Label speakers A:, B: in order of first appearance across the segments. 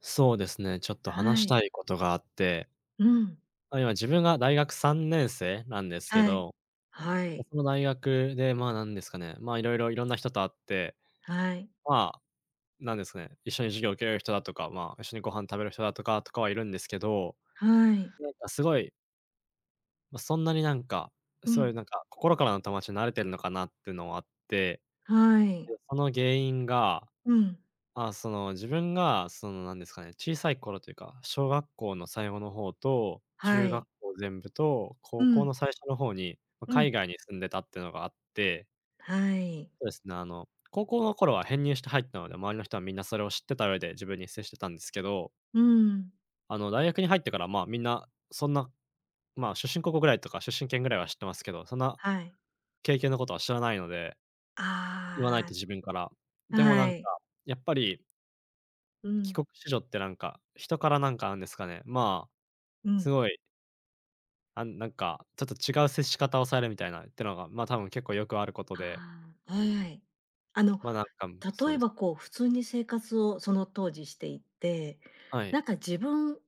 A: そうですね、ちょっと話
B: は
A: した
B: い。
A: いことがあって。
B: うーん。
A: あ、今自分が大学3年生なんですけ
B: はい。
A: ど、
B: はい。
A: その大学で、まあ、なんですかね、まあ、いろいろ、いろんな人と会って、
B: はい。
A: まあ、なんですかね、一緒に授業を受ける人だとか、まあ、一緒にご飯食べる人だとかとかはいるんですけど、
B: はい。
A: なんかすごいま、そんなになんか、
B: う
A: そういう
B: ん。
A: なんか、心からの友達になれてるのかなっていうのはあって。
B: はい。
A: で、その原因が、
B: うん。
A: まあ、その自分がそのなんですかね、小さい頃というか、小学校の最後の方と、
B: は
A: 中学
B: い。
A: 校全部と、
B: う
A: 高校の
B: ん。
A: 最初の方に、ま、
B: う
A: 海
B: ん。
A: 外に住んでたっていうのがあって
B: はい。
A: そうですね、あの、高校の頃は編入して入ったので、周りの人はみんなそれを知ってた上で自分に接してたんですけど。
B: うーん。
A: あの、大学に入ってから、まあ、みんな、そんな、まあ、出身高校ぐらいとか出身県ぐらいは知ってますけど、そんな
B: はい。
A: 経験のことは知らないので言わない
B: あ
A: と自分から。
B: あ、
A: でもな
B: は
A: んか、
B: い。
A: やっぱり
B: う
A: 帰
B: ん。
A: 国子女ってなんか、人からなんか、なんですかね、まあ、
B: う
A: す
B: ん。
A: ごい。あんなんか、ちょっと違う接し方をされみたいなってのが、ま、多分結構よくあることで。
B: ああ、はい。あの、
A: まあ、なんか、そう
B: 例え
A: ですね。
B: ばこう、普通に生活をその当時していて、
A: はい。
B: なんか自分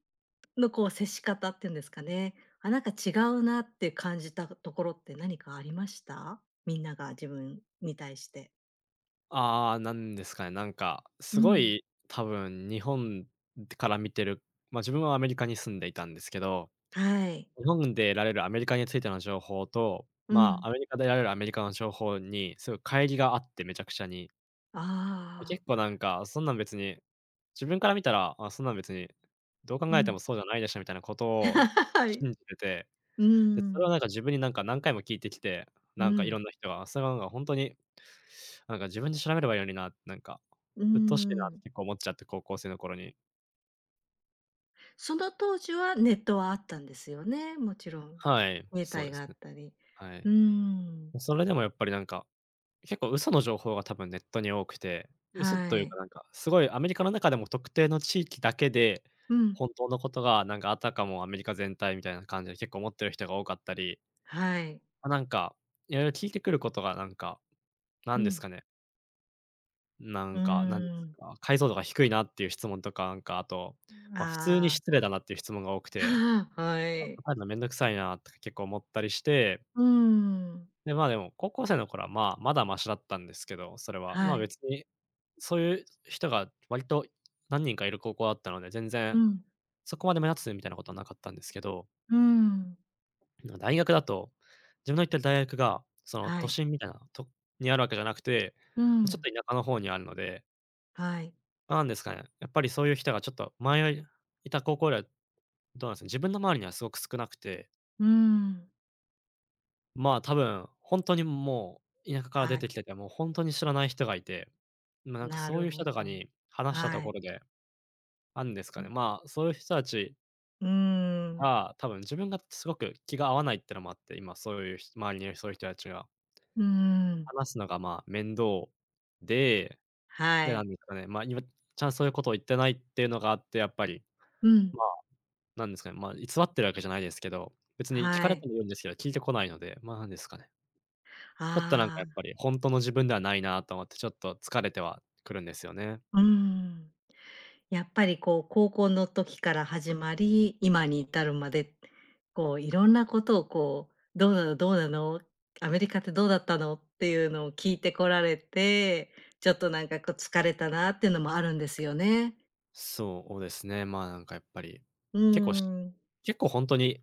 B: のこう、接し方ってんですかね、あ、なんか違うなって感じたところって何かありました？みんなが自分に対して。
A: ああ、なんですかね、なんか、
B: う
A: す
B: ー
A: ご
B: ん。
A: い、多分日本ってから見てる、ま、自分はアメリカに住んでいたんですけど、
B: はい。
A: 日本で得られるアメリカについての情報と、
B: う
A: まあ、
B: ん。
A: アメリカで得られるアメリカの情報にすごい乖離があってめちゃくちゃに。
B: ああ。
A: 結構なんか、そんなん別に、自分から見たら、あ、そんなん別に、どう
B: う
A: 考えても
B: ん。
A: そうじゃないでしょみたいなことを
B: はい。う
A: 信じてて、
B: ー
A: で、それを
B: ん。
A: なんか、自分になんか、何回も聞いてきて、
B: う
A: なんか、い
B: ん。
A: ろんな人は、それはなんか、ほんとに、なんか「自分で調べればいいのにな」、なんか、
B: うー
A: 「鬱陶しいな」って
B: ん。
A: 結構思っちゃって、高校生の頃に。
B: ああ、その当時はネットはあったんですよね、もちろん。
A: はい、
B: 携
A: そう
B: 帯
A: で
B: があ
A: すね。
B: ったり。
A: はい。
B: うーん。
A: それでもやっぱりなんか、結構嘘の情報が多分ネットに多くて、嘘
B: は
A: というか
B: い。
A: なんか、すごいアメリカの中でも特定の地域だけで、
B: うん。
A: 本当のことがなんか、あたかもアメリカ全体みたいな感じで結構思ってる人が多かったり。
B: はい。
A: あ、なんか、色々聞いてくることがなんか、な
B: う
A: んです
B: ん。
A: かね。な
B: う
A: んかなんか、
B: ん。
A: 解像度が低いなっていう質問とか、なんか、あと、
B: ん、
A: ま、普通に
B: ああ。
A: 失礼だなっていう質問が多くて、
B: ああ、は
A: なんか
B: い。
A: 入るの面倒くさいなとか結構思ったりして
B: うん。
A: で、ま、でも高校生の頃はまあ、まだマシだったんですけど、それは。ま
B: は
A: あ、
B: い。
A: 別にそういう人が割と何人かいる高校だったので、全
B: う
A: 然
B: ん。
A: そこまで目立つみたいなことはなかったんですけど。
B: うん。
A: あの、大学だと、自分の行ってる大学がその
B: は
A: 都
B: い。
A: 心みたいなとにあるわけじゃなくて、
B: う
A: ちょっと
B: ん。
A: 田舎の方にあるので。
B: はい。
A: なんですかね、やっぱりそういう人がちょっと、前いた高校よりはどうなんですね、自分の周りにはすごく少なくて。
B: うん。
A: まあ、多分、本当にもう田舎から出
B: はい。
A: てきてて、もう本当に知らない人がいて、ま、なんか
B: な
A: そう
B: る
A: いう人
B: ほ
A: とか
B: ど、
A: に話したと
B: は
A: こ
B: い。
A: ろで、あんですか
B: う
A: ね、
B: ん。
A: まあそういう人たち
B: うん。
A: が、多分自分がすごく気が合わないっていうのもあって、今そういうひ周りにいるそういう人たちが。
B: うん。
A: 話すのがまあ、面倒で、
B: は
A: で、なん
B: い。
A: ですかね、まあ、今、ちゃんそういうことを言ってないっていうのがあって、やっぱり。
B: うん。
A: まあ、なんですかね、ま、偽ってるわけじゃないですけど、別に訊か
B: は
A: れて
B: い。
A: もいいんですけど、訊いてこないので、まあなんですかね。ちょっと、なんか、
B: あ
A: やっ
B: あ。
A: ぱり本当の自分ではないなと思って、ちょっと疲れてはくるんですよね。
B: うん。やっぱり、こう、高校の時から始まり、今に至るまで、こう、いろんなことをこう、「どうなのどうなの、アメリカってどうだったの？」っていうのを訊いてこられて、ちょっと、なんか、こう、疲れたなっていうのもあるんですよね。
A: そうですね。まあ、なんか、やっぱり
B: う
A: 結構し
B: ん。
A: 結構本当に、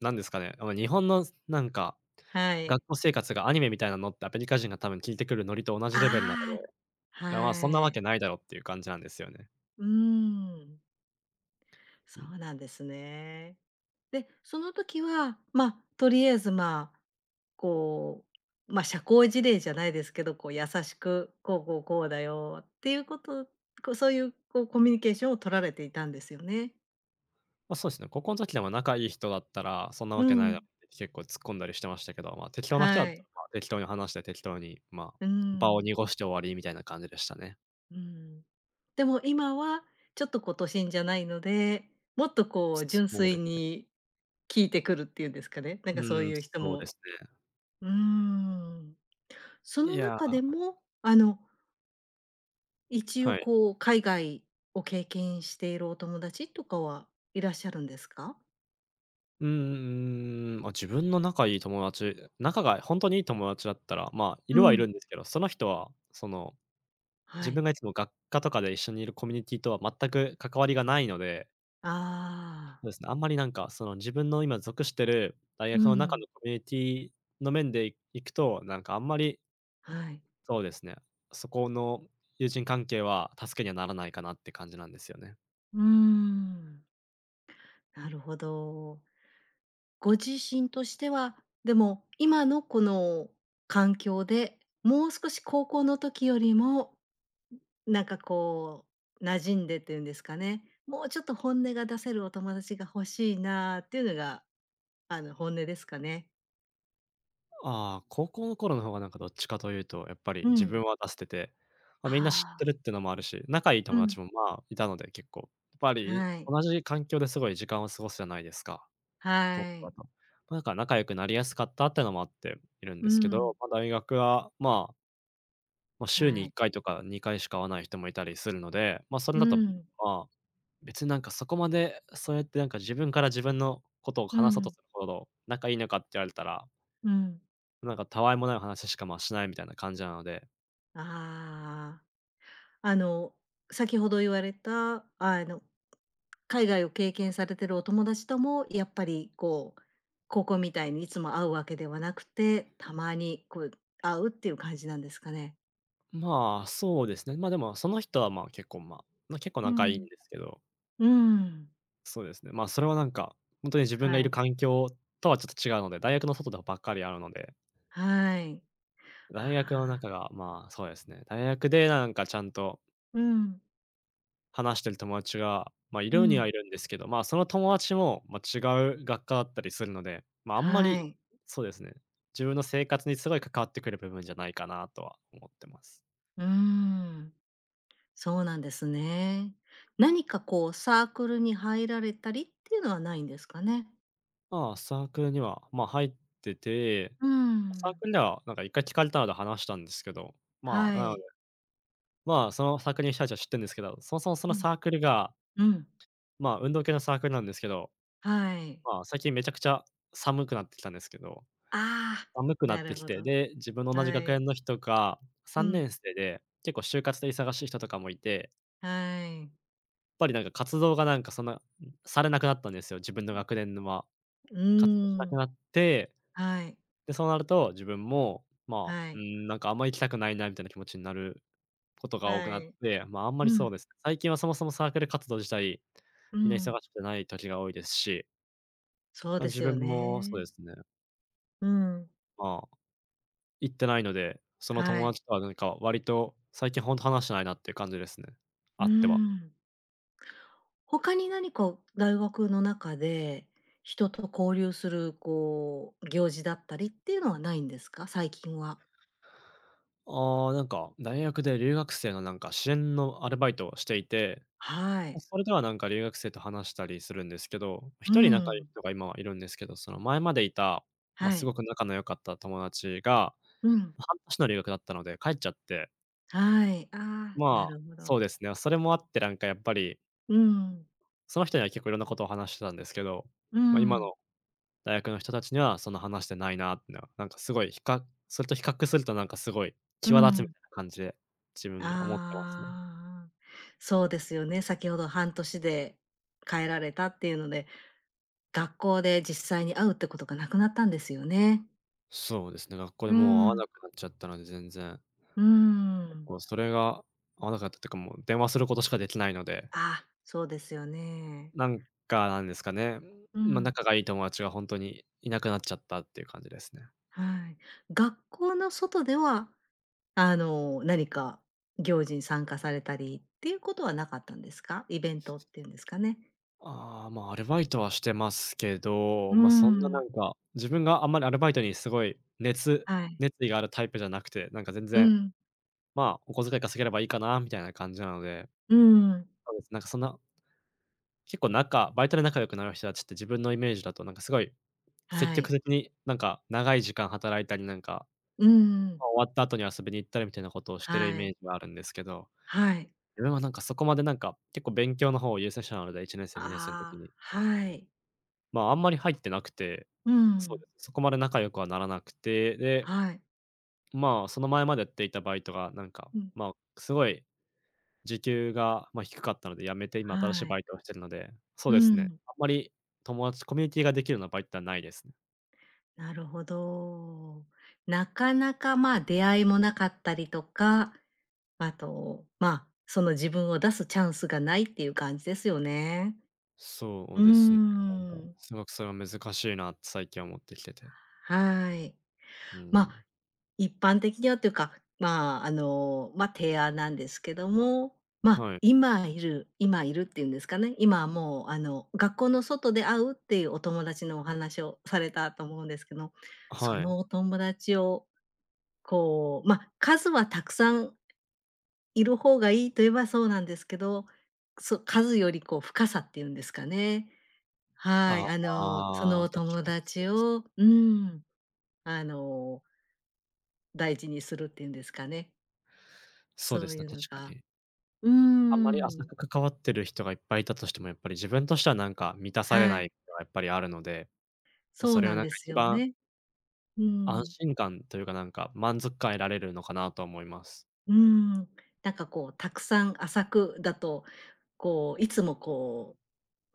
A: なんですかね、「日本のせ」なんか、
B: はい。
A: 「学校生活がアニメみたいなの？」ってアメリカ人が多分訊いてくるノリと同じレベルなの
B: ああ、
A: で、まあそんな
B: は
A: わ
B: い。
A: けないだろっていう感じなんですよね。
B: うん。
A: う
B: そ
A: ん。
B: うなんですね。で、その時は、ま、とりあえずまあ、こう、ま、社交辞令じゃないですけど、こう優しく、こうこうこうだよっていうこと、コそういう、こう、コミュニケーションを取られていたんですよね。
A: ま、そうですね、高校の時でも仲いい人だったら、そんなわ
B: う
A: けないだっ
B: ん。
A: て結構突っ込んだりしてましたけど、ま、適当な人だ
B: は
A: った
B: い。
A: らまあ、適当に話して適当にまあ、
B: う
A: 場を
B: ん。
A: 濁して終わりみたいな感じでしたね。
B: うん。でも今はちょっと、こう、都心じゃないので、もっとこう、純
A: そう
B: 粋
A: ですね。
B: に訊いてくるっていうんですかね？なんかそう
A: ん、
B: いう人
A: そうで
B: も、
A: すね。
B: うん。そ
A: い
B: の
A: や。
B: 中でもあの一応
A: はい。
B: こう海外を経験しているお友達とかはいらっしゃるんですか？
A: うんうん、ま、自分の仲いい友達、仲が本当にいい友達だったら、まあ、い
B: う
A: るはいる
B: ん。
A: んですけど、その人はその、自
B: はい。
A: 分がいつも学科とかで一緒にいるコミュニティとは全く関わりがないので。
B: ああ。
A: そうですね、あんまりなんか、その、自分の今属してる大
B: う
A: 学の中
B: ん。
A: のコミュニティの面でいくと、なんかあんまり
B: はい。
A: そうですね。そこの友人関係は助けにはならないかなって感じなんですよね。
B: うん。なるほど。ご自身としては、でも今のこの、環境で、もう少し高校の時よりも、なんか、こう、馴染んでっていうんですかね？もうちょっと本音が出せるお友達が欲しいなっていうのがあの、本音ですかね？
A: ああ、高校の頃の方がなんかどっちかというと、やっぱり
B: う
A: 自分
B: ん。
A: は出してて、ま、みんな知って
B: あ
A: るっ
B: あ。
A: てのもあるし、仲いい
B: う
A: 友
B: ん。
A: 達も、まあ、いたので結構。ぱり
B: はい。
A: 同じ環境ですごい時間を過ごすじゃないですか。高
B: は
A: だ
B: い。
A: と。なんか仲良くなりやすかったってのもあって、いるん
B: う
A: で
B: ー
A: すけど、
B: ん。
A: ま、大学は、まあま、週に
B: は
A: いっ
B: い。
A: かいとか2回しか会わない人もいたりするので、ま、それ
B: う
A: だと、
B: ーん。
A: まあ、別になんかそこまで、そうやってなんか自分から自分のことを
B: う
A: 話そうと
B: ん。
A: するほど、仲いいのかって言われたら
B: うん。
A: なんか、たわいもない話しか、ま、しないみたいな感じなので
B: ああ、あの、先ほど言われた、あの、海外を経験されてるお友達ともやっぱりこう、高校みたいにいつも会うわけではなくて、たまにこう、会うっていう感じなんですかね。
A: ん、まあ、そうですね。ま、でも、その人はまあ、結構、ま、な結構
B: う
A: 仲いいん
B: ん。
A: ですけど
B: うーん。
A: そうですね。ま、それはなんか、ほんとに自分がい
B: は
A: る
B: い。
A: 環境とはちょっと違うので、大学の外だばっかり会うので
B: はい、は
A: 大学の
B: あ。
A: 中が、まあ、そうですね、大学でなんかちゃんと
B: うん。
A: 話してる友達が、ま、い
B: うー
A: るには
B: ん。
A: いるんですけど、ま、その友達も、ま、違う学科だったりするので、ま、あんま
B: はー
A: り、
B: い。
A: そうですね、自分の生活にすごい関わってくる部分じゃないかなとは思ってます。
B: うーん。そうなんですね。何か、こう、サークルに入られたりっていうのはないんですかね？
A: ま、サークルには、ま、入ってて、
B: うー
A: サー
B: ん。
A: クルでは、なんか、1回聞かれたあで話したんですけど、ま、
B: は
A: なので、
B: い。
A: ま、そのサークルの人達は知ってるんですけど、そもそもそ
B: う
A: のサ
B: ん。
A: ークルが、
B: うん。
A: ま、運動系のサークルなんですけど、
B: はい。
A: ま、最近めちゃくちゃ寒くなってきたんですけど、
B: ああ、
A: 寒くな
B: な
A: って
B: る
A: き
B: ほ
A: て、
B: ど
A: で、自分の同じ
B: は
A: 学園
B: い。
A: の人が、さ
B: う
A: んね
B: ん。
A: んせいで、結構就活で忙しい人とかもいて
B: はい。
A: やっぱり、なんか、活動が、なんか、そんな、されなくなったんですよ、自分の
B: うん。
A: 学年のは、
B: う
A: 活動しな
B: ー
A: く
B: ん、
A: なって、
B: はい。
A: で、そうなると、自分も、ま、
B: は
A: うー
B: い。
A: ん、なんか、あんま行きたくないなみたいな気持ちになることが多く
B: は
A: なっ
B: い。
A: て、ま、あんま
B: う
A: りそう
B: ん。
A: ですね。最近はそもそもサークル活動自体、
B: う
A: みんな忙
B: ん。
A: しくない時が多いですし
B: そう
A: ま、
B: で
A: 自
B: すよ
A: 分もそうで
B: ね。
A: すね。
B: うん。
A: まあ、行ってないので、その
B: は
A: 友
B: い。
A: 達とはなんか、割と最近ほんと話してないなっていう感じですね。
B: うー
A: 会っては
B: ん。他に何か大学の中で、人と交流するこう、行事だったりっていうのはないんですか？最近は。
A: あ、なんか、大学で留学生のなんか、支援のアルバイトをしていて、
B: は
A: で、
B: い。
A: それではなんか、留学生と話したりするんですけど、
B: うー
A: 一人仲良い
B: ん。
A: 人が今はいるんですけど、その前までいた、ま、
B: は
A: すご
B: い。
A: く仲の良かった友達が、
B: うん。
A: 半年の留学だったので帰っちゃって
B: はい、あ、な
A: ま、
B: るほ
A: そ
B: ど。
A: うですね。それもあって、なんかやっぱり
B: うーん。
A: その人には結構いろんなことを話してたんですけど、
B: う
A: ま、今
B: ん。
A: の大学の人たちにはそんな話してないなって、なんかすごい、ひかそれと比較すると、なんかすごい
B: う
A: 際立つみ
B: ん。
A: たいな感じで、自分が思ってますね。
B: ああ、そうですよね、先ほど半年で帰られたっていうので、学校で実際に会うってことがなくなったんですよね。
A: そうですね、学校で
B: うー
A: もう会わな
B: ん。
A: くなっちゃったので、全然。
B: うーん。
A: もうそれが合わなかったっていうかもう電話することしかできないので。
B: あ、そうですよね。
A: なんか、なんですかね、
B: う
A: ま、
B: ん。
A: 仲がいい友達は本当にいなくなっちゃったっていう感じですね。
B: はい。学校の外では、あの何か行事に参加されたりっていうことはなかったんですか？イベントっていうんですかね。
A: あ、ま、アルバイトはしてますけど、
B: うー
A: まそんなな
B: ん。
A: んか、自分があんまりアルバイトにすごい熱
B: はい。
A: 熱意があるタイプじゃなくて、なんか全
B: う
A: 然
B: ん。
A: ま、お小遣い稼げればいいかなみたいな感じなので、
B: うーん。
A: そうです。なんかそんな結構仲、バイトで仲良くなる人たちって自分のイメージだと、なんかすごい、積
B: は
A: 極
B: い。
A: 的になんか長い時間働いたりなんか、
B: うー
A: ま、
B: ん。
A: 終わった後に遊びに行ったりみたいなことをしてるイ
B: は
A: メー
B: い。
A: ジがあるんですけど、
B: はい。
A: 俺はなんかそこまでなんか、結構勉強の方を優先したので、1年生、2年生の時
B: あ、
A: に。
B: はい。
A: ま、あんまり入ってなくて、
B: う
A: そうで
B: ん。
A: す、そこまで仲良くはならなくて、で
B: はい。
A: まあ、その前までやっていたバイトが、なんか、
B: うん。
A: ま、すごい、時給がま、低かったので辞めて今新しい
B: はい。
A: バイトをしているので、そう
B: う
A: ですね、
B: ん。
A: あんまり友達、コミュニティができるようなバイトってのはないですね。
B: なるほど。なかなか、まあ、出会いもなかったりとか、あと、まあ、その自分を出すチャンスがないっていう感じですよね。
A: そ
B: う
A: う
B: ー
A: ですね、なんか
B: ん。
A: すごく、「それは難しいな」って最近は思ってきてて。
B: はい。
A: うー
B: まあ、
A: ん。
B: 一般的にはっていうか、まあ、あの、まあ、提案なんですけども、まあ、
A: はい。
B: 今いる今いるっていうんですかね、今はもう、あの、学校の外で会うっていうお友達のお話をされたと思うんですけど、そ
A: はい。
B: のお友達を、こう、まあ、数はたくさんいる方がいいと言えば、そうなんですけど、そ数よりこう、深さっていうんですかね。は
A: あ
B: い、あの、そ
A: あ、
B: の
A: 確
B: 友
A: かそう
B: 達
A: です。
B: を、うーん、あの、大事にするっていうんですかね。
A: そうで
B: そう
A: すね、
B: いうの
A: 確か
B: が、
A: に。
B: うー
A: あんまり浅
B: ん。
A: く関わっている人がいっぱいいたとしても、やっぱり自分としてはなんか、満たされ
B: は
A: な
B: い。
A: いことがやっぱりあるので、まあ、
B: そ
A: そ
B: う
A: れは
B: なん
A: なんか
B: です
A: 一
B: よ
A: 番
B: ね。う
A: 安
B: ん。
A: 心感というか、なんか、満足感を得られるのかなと思います。
B: うーん、なんかこう、たくさん浅くだと、こう、いつもこ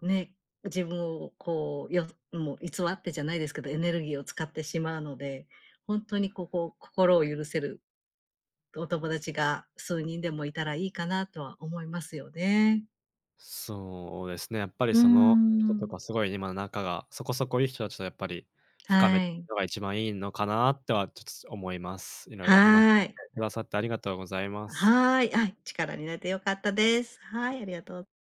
B: うね、自分をこう、よも偽ってじゃないですけど、エネルギーを使ってしまうので、本当にここ心を許せるお友達が数人でもいたらいいかなとは思いますよね。
A: そうですね、やっぱり、
B: うー
A: その
B: ん
A: 人
B: う
A: と
B: ん。
A: かすごい今、仲がそこそこいい人たちとやっぱり深
B: は
A: め
B: い。
A: のが一番いいのかなとはちょっと思います。いろいろ話し
B: はい。
A: くださってありがとうございます。
B: はい、あ、力になって良かったです。はいありがとう。